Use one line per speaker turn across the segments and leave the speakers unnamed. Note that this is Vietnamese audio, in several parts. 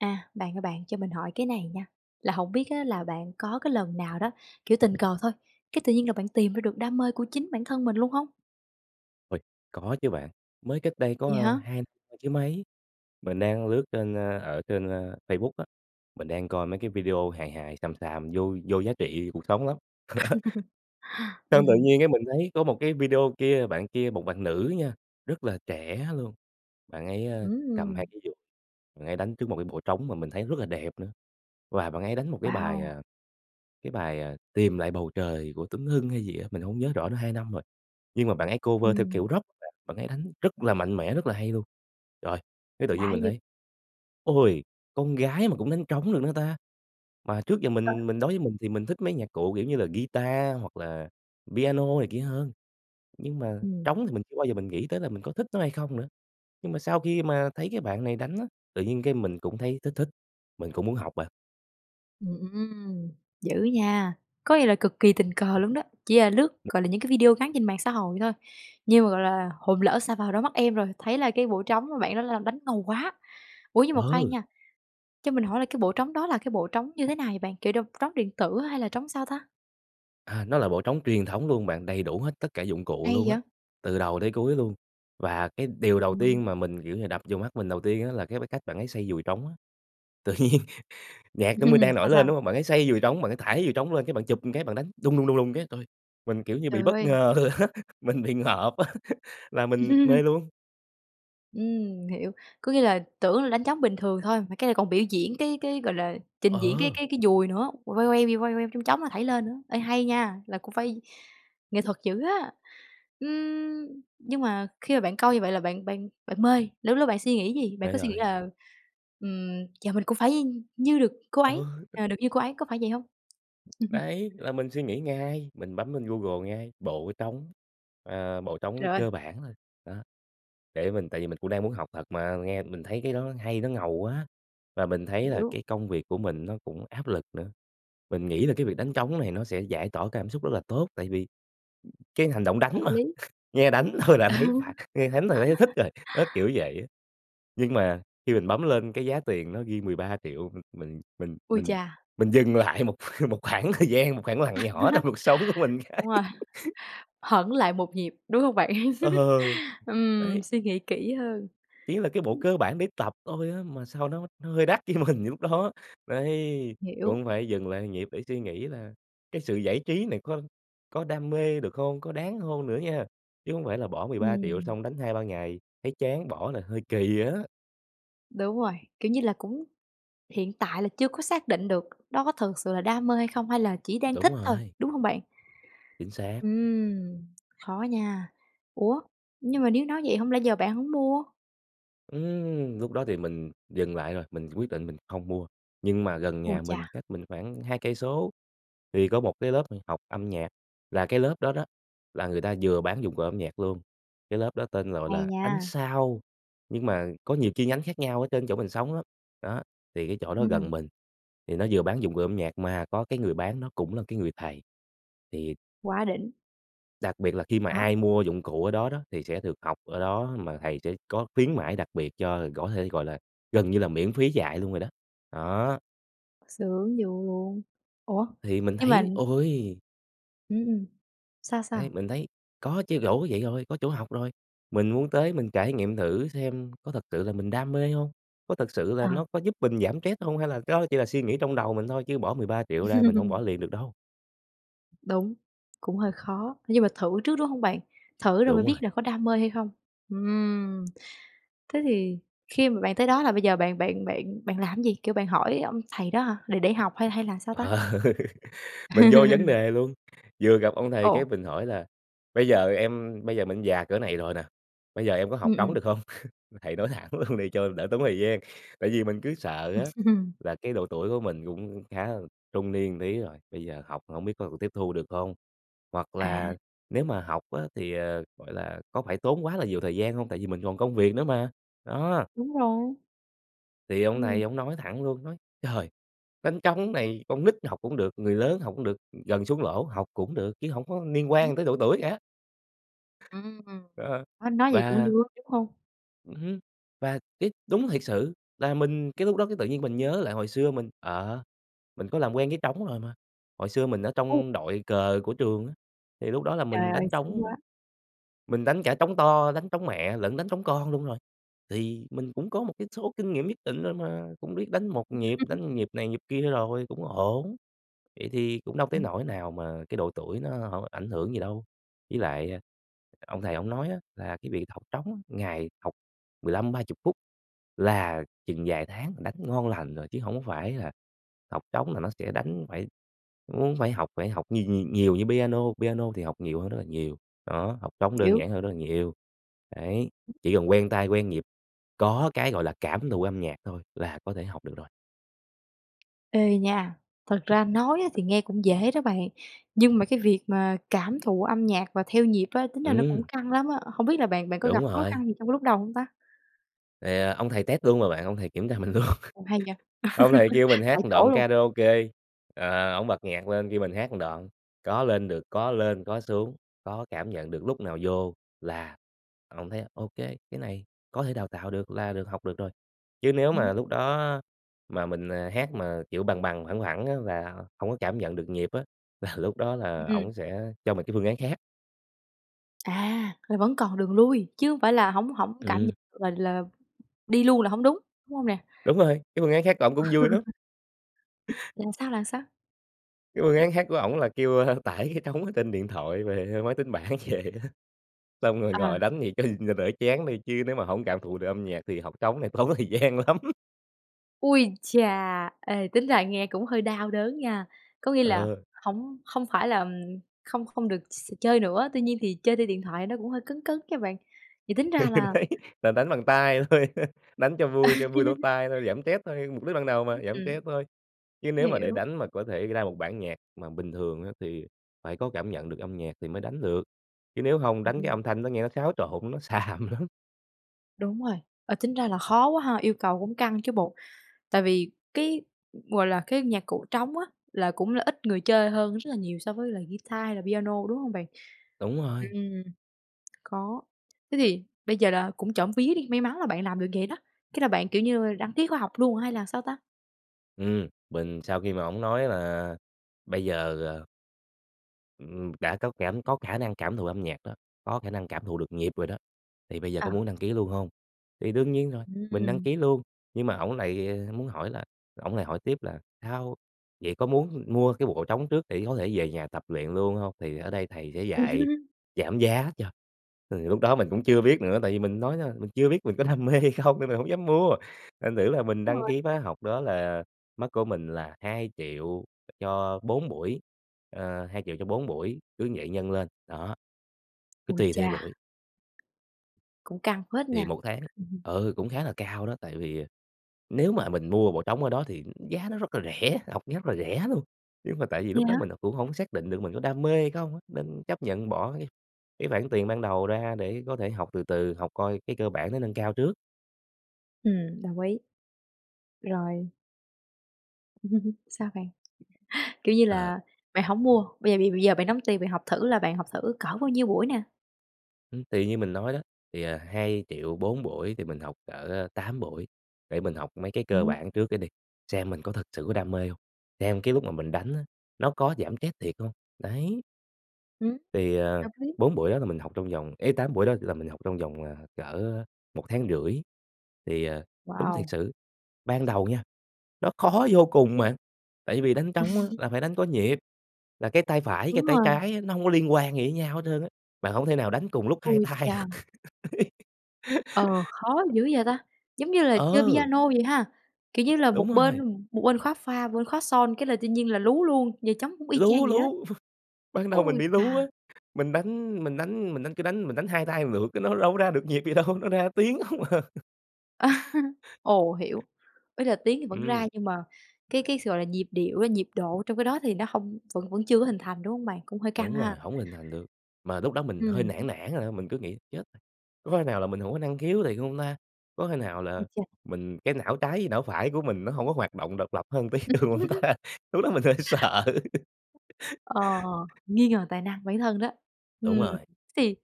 À, bạn ơi, bạn cho mình hỏi cái này nha, là hổng biết á là bạn có cái lần nào đó, kiểu, tình cờ thôi, cái tự nhiên là bạn tìm ra được đam mê của chính bản thân mình luôn không?
Ôi! Có chứ bạn, mới cách đây có,
Vậy
ơ,
hả?
2 năm chứ mấy, mình đang lướt trên, ơ, ở trên, ơ, Facebook á, mình đang coi mấy cái video hài hài, xàm xàm, vô vô giá trị cuộc sống lắm. Xong
Ừm,
tự
ừm.
nhiên cái mình thấy có một cái video kia, bạn kia, một bạn nữ nha, rất là trẻ luôn, bạn ấy, ơ,
Ưm,
cầm hai
ừm!
cái dùi, bạn ấy đánh trước một cái bộ trống mà mình thấy rất là đẹp nữa, và bạn ấy đánh một cái bài,
Wow!
à, cái bài, ờ, "Tìm lại bầu trời" của Tuấn Hưng hay gì á, mình hông nhớ rõ nữa 2 năm rồi, nhưng mà bạn ấy cover theo
Ừm.
kiểu Rock. Bạn ấy đánh rất là mạnh mẽ, rất là hay luôn, rồi cái tự nhiên
Lạ
mình
dữ!
thấy: "Ôi! Con gái mà cũng đánh trống được nữa ta." Mà trước giờ mình
[unintelligible]
mình đối với mình thì mình thích mấy nhạc cụ, kiểu như là, guitar, hoặc là piano này kia hơn, nhưng mà
Ừm.
trống thì mình chưa bao giờ mình nghĩ tới là mình có thích nó hay không nữa. Nhưng mà sau khi mà thấy cái bạn này đánh á, tự nhiên cái mình cũng thấy thích thích, mình cũng muốn học bạn.
Ừm, ưm, ưm, dữ nha! Có nghĩa là cực kỳ tình cờ luôn đó, chỉ là lướt, gọi là, những cái video ngắn trên mạng xã hội thôi, nhưng mà, gọi là, hồn lỡ sa vào đôi mắt em rồi, thấy là cái bộ trống mà bạn đó là đánh ngầu quá. Ủa, nhưng mà khoan
Ờ!
nha, cho mình hỏi là cái bộ trống đó là cái bộ trống như thế nào bạn, kiểu, đồng trống điện tử hay là trống sao ta?
À, nó là bộ trống truyền thống luôn bạn, đầy đủ hết tất cả dụng cụ
Hay
luôn á,
vậy?
từ đầu tới cuối luôn. Và cái điều đầu
Ừm.
tiên mà mình, kiểu như, đập vô mắt mình đầu tiên á là cái cách bạn ấy xoay dùi trống á, tự nhiên nhạc chuẩn bị đang nổi
Sao,
lên,
sao?
đúng hông? Bạn ấy xoay dùi trống, bạn ấy thảy dùi trống lên, cái bạn chụp một cái bạn đánh: "đùng, đùng, đùng, đùng" cái. Trời ơi! Mình kiểu như bị
Trời
bất
ơi!
ngờ á mình bị ngợp á là mình mê luôn.
Ừm, hiểu. Có nghĩa là tưởng là đánh trống bình thường thôi, mà cái này còn biểu diễn cái cái, gọi là, trình diễn cái
Ờ!
cái cái dùi nữa, quay quay quay quay chong chóng mà thảy lên nữa, ê, hay nha, là cũng phải nghệ thuật dữ á. Ừm, nhưng mà khi mà bạn coi như vậy là bạn bạn bạn mê, lúc đó bạn suy nghĩ gì? Bạn
Mê
có suy nghĩ
rồi.
là, ừm, giờ mình cũng phải như được cô
Ờ.
ấy ờ, được như cô ấy, có phải vậy không?
Đấy, là mình suy nghĩ ngay, mình bấm lên Google ngay: "bộ trống" ờ, bộ trống
Trời ơi!
cơ bản thôi, đó, để mình tìm, tại vì mình cũng đang muốn học thật mà, nghe mình thấy cái đó hay nó ngầu quá. Và mình thấy là
Hiểu.
cái công việc của mình nó cũng áp lực nữa, mình nghĩ là cái việc đánh trống này nó sẽ giải tỏa cái cảm xúc rất là tốt tại vì cái hành động đánh
Hợp
mà.
lý.
Nghe đánh thôi là thấy phả nghe đánh thôi là đã thấy thích rồi, đó, kiểu vậy á. Nhưng mà khi mình bấm lên cái giá tiền nó ghi 13.000.000 m mình mình
Ui
mình
chà!
mình dừng lại một một khoảng thời gian, một khoảng lặng nhỏ trong cuộc sống của mình cái.
Wow! Hẫng lại một nhịp, đúng hông bạn?
Ờ,
Ừm,
đấy.
suy nghĩ kỹ hơn.
Ý là cái bộ cơ bản để tập thôi á mà sao nó nó hơi đắt với mình lúc đó. Đấy,
Hiểu.
cũng phải dừng lại nhịp để suy nghĩ là cái sự giải trí này có có đam mê được không? Có đáng hông nữa nha? Chứ hông phải là bỏ 13.000.000
Ừm.
xong đánh 2, 3 ngày thấy chán bỏ là hơi kì á.
Đúng rồi, kiểu như là, cũng hiện tại là chưa có xác định được đó có thực sự là đam mê hay không hay là chỉ đang
Đúng
thích thôi,
rồi.
đúng hông bạn?
Chính xác.
Ừm, khó nha. Ủa, nhưng mà nếu nói vậy hông lẽ giờ bạn hổng mua?
Ừm, lúc đó thì mình dừng lại rồi, mình quyết định mình không mua. Nhưng mà gần
Ôi
nhà mình,
chà!
cách mình khoảng 2 cây số thì có một cái lớp h học âm nhạc, là cái lớp đó đó là người ta vừa bán dụng cụ âm nhạc luôn, cái lớp đó tên gọi
Hay
là Ánh
nha!
Sao, nhưng mà có nhiều chi nhánh khác nhau ở trên chỗ mình sống lắm. Đó, thì cái chỗ đó
Ừm, ừm.
gần mình thì nó vừa bán dụng cụ âm nhạc mà có cái người bán nó cũng là cái người thầy, thì
Quá đỉnh!
đặc biệt là khi mà
Đó.
ai mua dụng cụ ở đó đó thì sẽ được học ở đó, mà thầy sẽ có khuyến mãi đặc biệt cho có thể, gọi là, gần như là, miễn phí dạy luôn rồi đó. Đó.
Sướng vui luôn. Ủa?
Thì mình
Nhưng mà
thấy, ôi!
Ưm, ừm, sao,
Ấy,
sao?
mình thấy có chứ rỗ cái vậy rồi, có chỗ học rồi. Mình muốn tới mình trải nghiệm thử xem có thật sự là mình đam mê hông, có thật sự là
Ờ.
nó có giúp mình giảm stress hông hay là cái đó chỉ là suy nghĩ trong đầu mình thôi. Chứ bỏ 13.000.000 ra mình hông bỏ liền được đâu.
Đúng, cũng hơi khó, nhưng mà thử trước, đúng không bạn? Thử rồi mới
Đúng
biết
rồi.
là có đam mê hay không. Ừm, thế thì khi mà bạn tới đó là bây giờ bạn bạn bạn bạn làm cái gì, kiểu, bạn hỏi ông thầy đó hả, để để học hay hay là sao ta?
Ờ, mình vô vấn đề luôn, vừa gặp ông thầy cái
Ồ.
mình hỏi là "Bây giờ em bây giờ mình già cỡ này rồi nè, bây giờ em có học
Ừm,
trống
ừm.
được không? Thầy nói thẳng luôn đi cho đỡ tốn thời gian." Tại vì mình cứ sợ á là cái độ tuổi của mình cũng khá là trung niên một tí rồi, bây giờ học hổng biết có còn tiếp thu được không? Hoặc
À.
là nếu mà học á thì, ờ, gọi là, có phải tốn quá là nhiều thời gian không tại vì mình còn công việc nữa mà, đó.
Đúng rồi.
Thì ông
Ừm.
này ổng nói thẳng luôn, nói: "Trời, đánh trống này con nít học cũng được, người lớn học cũng được, gần xuống lỗ học cũng được, chứ hổng có liên quan tới độ tuổi cả."
Ừm,
Đó,
nói nói vậy cũng vui
và
lắm, đúng không?
ừm hứm, và cái đúng thiệt sự là mình cái lúc đó cái tự nhiên mình nhớ lại hồi xưa mình, ờ, mình có làm quen với trống rồi mà. Hồi xưa mình ở
Ừ.
trong đội cờ của trường á, thì lúc đó là
Trời
mình
ơi,
đánh
sướng
trống,
quá!
mình đánh cả trống to, đánh trống mẹ lẫn đánh trống con luôn rồi. Thì mình cũng có một cái số kinh nghiệm nhất định nên là cũng biết đánh 1 nhịp,
[unintelligible]
đánh nhịp này, nhịp kia rồi, cũng ổn, vậy thì cũng đâu tới nỗi nào mà cái độ tuổi nó ở ảnh hưởng gì đâu. Với lại, ơ, ông thầy ổng nói á là cái việc học trống á ngày học 15-30 phút là chừng vài tháng là đánh ngon lành rồi, chứ hổng có phải là học trống là nó sẽ đánh phải muốn phải học phải học nh nhìều nhiều như piano, piano thì học nhiều hơn rất là nhiều, đó, học trống đơn
Hiểu.
giản hơn rất là nhiều. Đấy, chỉ cần quen tay quen nhịp, có cái, gọi là, cảm thụ âm nhạc thôi là có thể học được rồi.
Ê nha, thật ra nói á, thì nghe cũng dễ đó bạn, nhưng mà cái việc mà cảm thụ âm nhạc và theo nhịp á, tính ra nó cũng
Ừm.
căng lắm á, hông biết là bạn bạn có
Đúng
gặp khó
rồi.
khăn gì trong cái lúc đầu hông ta?
Thì, ờ, ông thầy test luôn mà bạn, ông thầy kiểm tra mình luôn,
Ồ! Hay nhỉ?
ông thầy kêu mình hát
Tại
một
chỗ
đoạn
luôn.
karaoke, ờ, ổng bật nhạc lên kêu mình hát một đoạn, có lên được, có lên có xuống, có cảm nhận được, lúc nào vô là ổng thấy: "Ô kê, cái này có thể đào tạo được, là được học được rồi." Chứ nếu mà lúc
Ừm.
đó á, mà mình, à, hát mà, kiểu, bằng bằng phẳng phẳng á, là hông có cảm nhận được nhịp á, là lúc đó là
Ừm.
ổng sẽ cho mày cái phương án khác.
À! Là vẫn còn đường lui, chứ hông phải là hổng hổng cảm nh
Ừm.
là là đi luôn là hổng đúng? Đúng hông nè?
Đúng rồi, cái phương án khác của ổng cũng vui lắm.
Là sao, là sao?
Cái phương án khác của ổng là kêu, a, tải cái trống ở trên điện thoại về máy tính bảng vậy á, xong rồi
Ờ.
ngồi đánh thì cho cho đỡ chán thôi. Chứ nếu mà hổng cảm thụ được âm nhạc thì học trống này tốn thời gian lắm.
Ôi chà! Ê, tính ra nghe cũng hơi đau đớn nha. Có nghĩa là
Ờ.
hổng không phải là, ừm, không không được x chơi nữa, tuy nhiên thì chơi trên điện thoại nó cũng hơi cấn cấn nha bạn. Vậy tính ra là
Đấy là đánh bằng tay thôi, đánh cho vui cho vui lỗ tai thôi, giảm stress thôi, mục đích ban đầu mà, giảm
Ừm.
stress thôi. Chứ nếu mà để
Hiểu.
đánh mà có thể ra một bản nhạc mà bình thường á, thì phải có cảm nhận được âm nhạc thì mới đánh được, chứ nếu hông đánh cái
Ừm.
âm thanh nó nghe nó xáo trộn, nó xàm lắm.
Đúng rồi, ờ, tính ra là khó quá ha, yêu cầu cũng căng chứ bộ. Tại vì cái, gọi là, cái nhạc cụ trống á là cũng là ít người chơi hơn rất là nhiều so với là ghi-ta hay là piano, đúng hông bạn?
Đúng rồi.
Ừm, có thế thì bây giờ là cũng trộm vía đi, may mắn là bạn làm được vậy đó, cái là bạn, kiểu như, đăng ký khóa học luôn hay là sao ta?
Ừm, mình sau khi mà ổng nói là bây giờ, ờ ừm, đã có cảm có khả năng cảm thụ âm nhạc đó, có khả năng cảm thụ được nhịp rồi đó, thì bây giờ
Ờ.
có muốn đăng ký luôn hông? Thì đương nhiên rồi, mình đăng
Ừm.
ký luôn nhưng mà ổng lại muốn hỏi là ổng lại hỏi tiếp là "Sao? Vậy có muốn mua cái bộ trống trước để có thể về nhà tập luyện luôn hông?" Thì ở đây thầy sẽ dạy giảm giá cho, thì lúc đó mình cũng chưa biết nữa, tại vì mình nói, đó, mình chưa biết mình có đam mê hay không nên mình hổng dám mua. Thành thử là mình
Đúng
đăng
rồi.
ký khóa học đó là mất của mình là 2.000.000 cho 4 buổi. Ờ, 2.000.000 cho 4 buổi cứ vậy nhân lên, đó. Cứ
Ôi
tùy theo
chà!
buổi.
Cũng căng phết
Thì
nha!
1 tháng ừ, cũng khá là cao đó, tại vì, ờ, nếu mà mình mua bộ trống ở đó thì giá nó rất là rẻ, học rất là rẻ luôn. Nhưng mà tại vì
Vậy
lúc đó
hả?
mình đã cũng hổng xác định được mình có đam mê hay không á, nên chấp nhận bỏ cái cái khoản tiền ban đầu ra để có thể học từ từ, học coi cái cơ bản nó nâng cao trước.
Ừm, đồng ý. Rồi. Sao bạn? Kiểu như
Ờ.
là bạn hổng mua, bây giờ b bây giờ bạn đóng tiền bạn học thử là bạn học thử cỡ bao nhiêu buổi nè?
Ưm, thì như mình nói đó, thì, à, 2.000.000, 4 buổi thì mình học cỡ, ơ, 8 buổi, để mình học mấy cái cơ
Ừm.
bản trước cái đi, xem mình có thực sự có đam mê hông, xem cái lúc mà mình đánh á, nó có giảm stress thiệt hông, đấy.
Ừm,
Thì, à,
hợp lý.
4 buổi đó là mình học trong vòng ấy, 8 buổi đó là mình học trong vòng, ờ, cỡ, ơ, 1,5 tháng. Thì, à, đúng thiệt
Wow!
sự, ban đầu nha nó khó vô cùng bạn! Tại vì đánh trống á là phải đánh có nhịp, là cái tay phải,
Đúng
cái tay
rồi.
trái á nó hông có liên quan gì với nhau hết trơn á. Bạn hổng thể nào đánh cùng lúc 2
Ôi
tay được.
cha! Ờ, khó dữ vậy ta! Giống như là chơi
Ờ!
piano vậy ha, kiểu như là,
Đúng
một bên
rồi!
một bên khóa pha, một bên khóa son cái là tự nhiên là lú luôn, giờ trống cũng y chang
Lú,
vậy đó.
lú! Ban đầu mình
Ôi
bị lú
chà!
á. Mình đánh mình đánh mình đánh cứ đánh mình đánh 2 tay một lượt cái nó đâu có ra được nhịp gì đâu, nó ra tiếng không à.
Ồ, hiểu, ý là tiếng thì vẫn ra
Ừm.
nhưng mà cái cái sao, gọi là, nhịp điệu á, nhịp độ trong cái đó thì nó hông vẫn vẫn chưa có hình thành, đúng hông bạn? Cũng hơi căng
Đúng
ha.
rồi, hổng hình thành được. Mà lúc đó mình
Ừm
hơi nản
hứm.
nản rồi, thôi mình cứ nghĩ chết, có khi nào là mình hổng có năng khiếu thiệt hông ta? Có khi nào
Ôi
là
cha!
mình cái não trái với não phải của mình nó hổng có hoạt động độc lập hơn một tí được hông ta? Lúc đó mình hơi sợ.
Ờ, nghi ngờ tài năng bản thân đó. Ừm.
Đúng rồi.
Thì,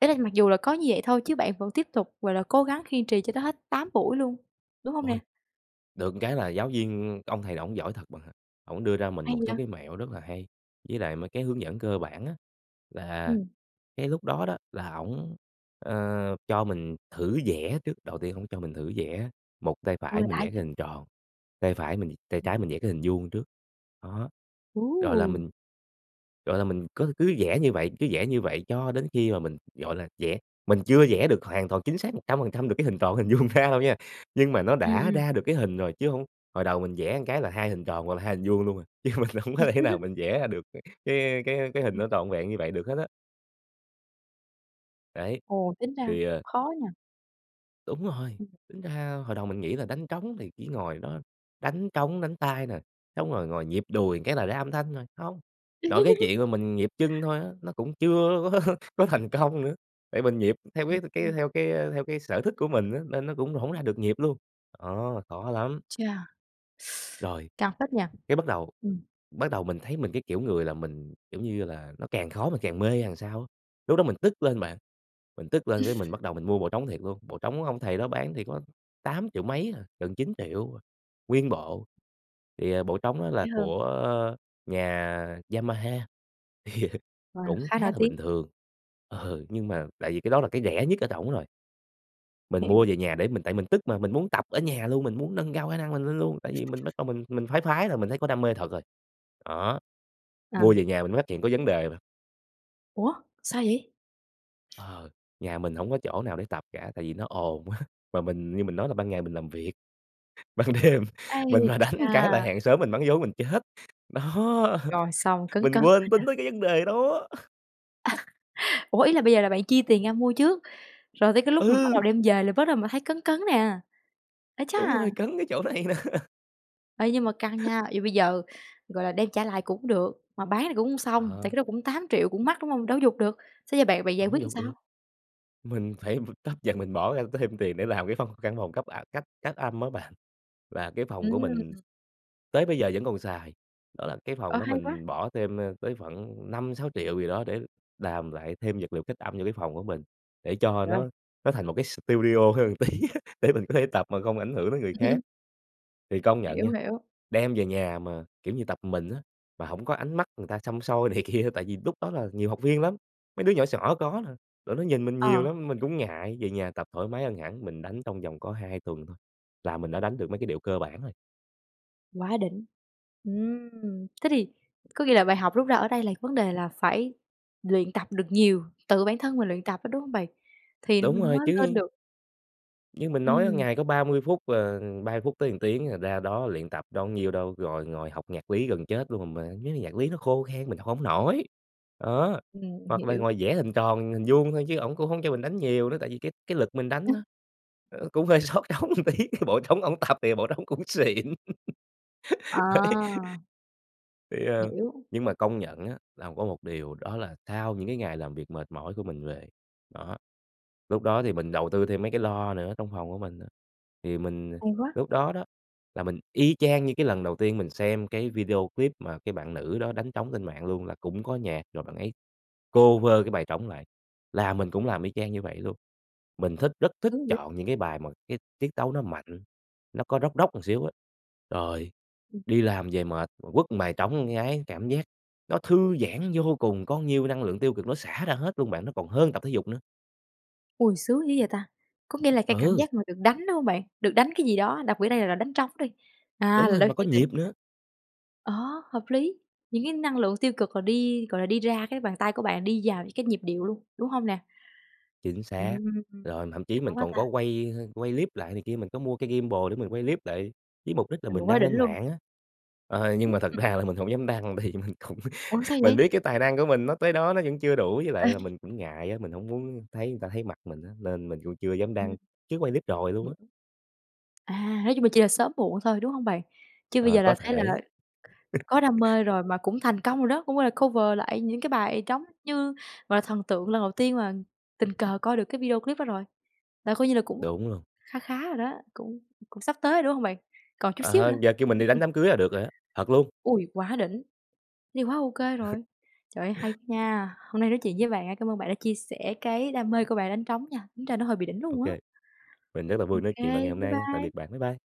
ý là mặc dù là có như vậy thôi chứ bạn vẫn tiếp tục, gọi là, cố gắng kiên trì cho tới hết 8 buổi luôn, đúng hông nè?
Ôi! Được cái là giáo viên cái ông thầy ổng giỏi thật bạn ạ. Ổng đưa ra mình
Hay
một số
vậy?
cái mẹo rất là hay, với lại mấy cái hướng dẫn cơ bản á, là
Ừm.
cái lúc đó đó là ổng, ờ, cho mình thử vẽ trước. Đầu tiên ổng cho mình thử vẽ, một tay phải
Ôi,
mình
lạ
vẽ cái
vậy!
hình tròn, tay phải mình tay trái mình vẽ cái hình vuông trước. Đó, gọi là,
Ôi!
mình, gọi là, mình có cứ vẽ như vậy, cứ vẽ như vậy cho đến khi mà mình, gọi là, vẽ mình chưa vẽ được hoàn toàn chính xác 100% được cái hình tròn hình vuông ra đâu nha. Nhưng mà nó
Ừm,
đã
ừm.
ra được cái hình rồi chứ hông hồi đầu mình vẽ cái là 2 hình tròn hoặc là 2 hình vuông luôn à, chứ mình hông có thể nào mình vẽ ra được cái cái cái hình
Ừm.
nó trọn vẹn như vậy được hết á. Đấy,
Ồ, tính ra
thì, ờ
khó nhờ!
Đúng rồi, tính ra hồi đầu mình nghĩ là đánh trống thì chỉ ngồi đó đánh trống đánh tay nè, xong rồi ngồi nhịp đùi một cái là ra âm thanh rồi. Hông! Nội cái chuyện mà mình nhịp chân thôi á, nó cũng chưa có có thành công nữa, tại mình nhịp theo cái cái
[unintelligible]
theo cái theo cái sở thích của mình á nên nó cũng hổng ra được nhịp luôn. Đó, khó lắm!
Ui cha!
Rồi,
Căng phết nhờ!
cái bắt đầu
Ừm.
bắt đầu mình thấy mình cái kiểu người là mình, kiểu như là, nó càng khó mình càng mê hay làm sao á. Lúc đó mình tức lên bạn, mình tức lên cái mình bắt đầu mình mua bộ trống thiệt luôn, bộ trống ông thầy đó bán thì có tám triệu mấy à, gần 9.000.000 nguyên bộ, thì, ờ, bộ trống đó là
Rẻ hơn.
của nhà Yamaha thì
Wow,
cũng
khá
khá
nổi
là
tiếng!
bình thường ừ, nhưng mà tại vì cái đó là cái rẻ nhất ở trỏng rồi. Mình mua
Hiểu.
về nhà để mình tại mình tức mà, mình muốn tập ở nhà luôn, mình muốn nâng cao khả năng mình lên luôn, tại vì mình bắt đầu mình mình phái phái rồi, mình thấy có đam mê thật rồi. Đó, mua
Ờ.
về nhà mình mới phát hiện có vấn đề bạn.
Ủa, sao vậy?
Ờ, nhà mình hổng có chỗ nào để tập cả tại vì nó ồn quá, mà mình như mình nói là ban ngày mình làm việc, ban đêm mình
Ai
mà đánh một cái là
chà!
hàng xóm mình mắng vốn mình chết, đó,
Rồi, xong, cấn
mình
cấn rồi
quên tính
nè.
tới cái vấn đề đó!
Ủa, ý là bây giờ là bạn chi tiền ra mua trước, rồi tới cái lúc mà bắt đầu
Ừ!
đem về là bắt đầu mình thấy cấn cấn nè. Ái chà!
Đúng rồi, cấn cái chỗ này nè.
Ê, nhưng mà căng nha, vậy bây giờ, gọi là, đem trả lại cũng được, mà bán thì cũng hông xong, tại cái
Ờ.
đó cũng 8.000.000 cũng mắc, đúng hông? Đâu có giục được, xế giờ bạn bạn giải
Hổng
quyết làm
giục được.
sao?
Mình phải tấp dần, mình bỏ ra thêm tiền để làm cái văn căn phòng cấp, à, cách cách âm á bạn, là cái phòng của mình
Ừm.
tới bây giờ vẫn còn xài. Đó là cái phòng
Ơ,
đó
hay quá.
mình bỏ thêm, a, tới khoảng 5.000.000-6.000.000 gì đó, để làm lại thêm vật liệu cách âm vô cái phòng của mình, để cho
Trời ơi!
nó nó thành một cái studio hơn một tí á, để mình có thể tập mà không ảnh hưởng tới người khác. Thì công nhận
Hiểu,
nha,
hiểu.
đem về nhà mà, kiểu như, tập một mình á, mà hổng có ánh mắt người ta săm soi này kia, tại vì lúc đó là nhiều học viên lắm, mấy đứa nhỏ xỏ có nè, rồi nó nhìn mình nhiều
Ờ.
lắm mình cũng ngại, về nhà tập thoải mái hơn hẳn, mình đánh trong vòng có 2 tuần thôi, là mình đã đánh được mấy cái điệu cơ bản rồi.
Quá đỉnh. Ừm, thế thì có nghĩa là bài học rút ra ở đây là vấn đề là phải luyện tập được nhiều, tự bản thân mình luyện tập á, đúng hông bạn? Thì
Đúng
mình
rồi
mới lên
chứ.
được.
Như mình nói á
Ừm.
ngày có 30 phút, à, 30 phút tới 1 tiếng à, ra đó luyện tập đâu có nhiêu đâu, rồi ngồi học nhạc lý gần chết luôn, mà mấy cái nhạc lý nó khô khan mình học hổng nổi. Đó,
Ừm,
hoặc là
hiểu.
ngồi vẽ hình tròn hình vuông thôi, chứ ổng cũng hổng cho mình đánh nhiều nữa, tại vì cái cái lực mình đánh á, ờ, cũng hơi xót trống một tí, bộ trống ổng tập thì bộ trống cũng xịn. Đấy,
À.
thì, ờ,
Hiểu.
nhưng mà công nhận á là có một điều đó là, sau những cái ngày làm việc mệt mỏi của mình về, đó, lúc đó thì mình đầu tư thêm mấy cái loa nữa trong phòng của mình á, thì mình
Hay quá.
lúc đó đó, là mình y chang như cái lần đầu tiên mình xem cái video clip mà cái bạn nữ đó đánh trống trên mạng luôn. Là cũng có nhạc rồi bạn ấy cover cái bài trống lại, là mình cũng làm y chang như vậy luôn. Mình thích rất thích chọn những cái bài mà cái tiết tấu nó mạnh, nó có Rock Rock một xíu á, rồi
Ừm.
đi làm về mệt quất một bài trống một cái, cảm giác nó thư giãn vô cùng, có nhiêu cái năng lượng tiêu cực nó xả ra hết luôn bạn, nó còn hơn tập thể dục nữa.
Ôi! Sướng dữ vậy ta, có nghĩa là cái cảm
Ừ.
giác mà được đánh, đúng hông bạn? Được đánh cái gì đó, đặc biệt ở đây là đánh trống đi. À,
Đúng
là
rồi,
đôi
mà
khi
có
[unintelligible]
nhịp nữa.
ờ, hợp lý. Những cái năng lượng tiêu cực là đi, gọi là, đi ra cái bàn tay của bạn đi vào những cái nhịp điệu luôn, đúng hông nè?
Chính
Ừm,
xác, rồi thậm chí
đã
mình
quá
còn
ta.
có quay, ơ, quay clip lại này kia, mình có mua cái gimbal để mình quay clip lại với mục đích là
Ừ,
mình
quá
đăng
đỉnh
lên
luôn.
mạng á. Ờ, nhưng
Ừm.
mà thật ra là mình hổng dám đăng tại vì mình cũng
Ủa? Sao
mình
vậy?
biết cái tài năng của mình nó tới đó, nó vẫn chưa đủ, với lại là mình cũng ngại á, mình hổng muốn thấy người ta thấy mặt mình á, nên mình cũng chưa dám
Ừm.
đăng chứ quay clip rồi luôn á.
Hiểu. À, nói chung là chỉ là sớm muộn thôi, đúng hông bạn? Chứ bây
Ờ,
giờ
có
là thấy là
thể.
có đam mê rồi mà cũng thành công rồi đó, cũng, gọi là, cover lại những cái bài trống như, gọi là, thần tượng lần đầu tiên mà tình cờ coi được cái video clip đó rồi. Là coi như là cũng
Đúng luôn.
kha khá rồi đó, cũng cũng sắp tới rồi, đúng không bạn? Còn chút xíu
Ờ,
nữa.
giờ kêu mình đi đánh đám cưới là được rồi á, thật luôn.
Ôi! Quá đỉnh. Thì quá ô kê rồi. Trời ơi! Hay nha. Hôm nay nói chuyện với bạn á, cảm ơn bạn đã chia sẻ cái đam mê của bạn đánh trống nha, tính ra nó hơi bị đỉnh
Ô
luôn á.
kê. Mình rất là
Ô
vui nói chuyện bạn ngày
kê,
hôm
bye
nay nha, tạm
bye.
biệt bạn, bye bye.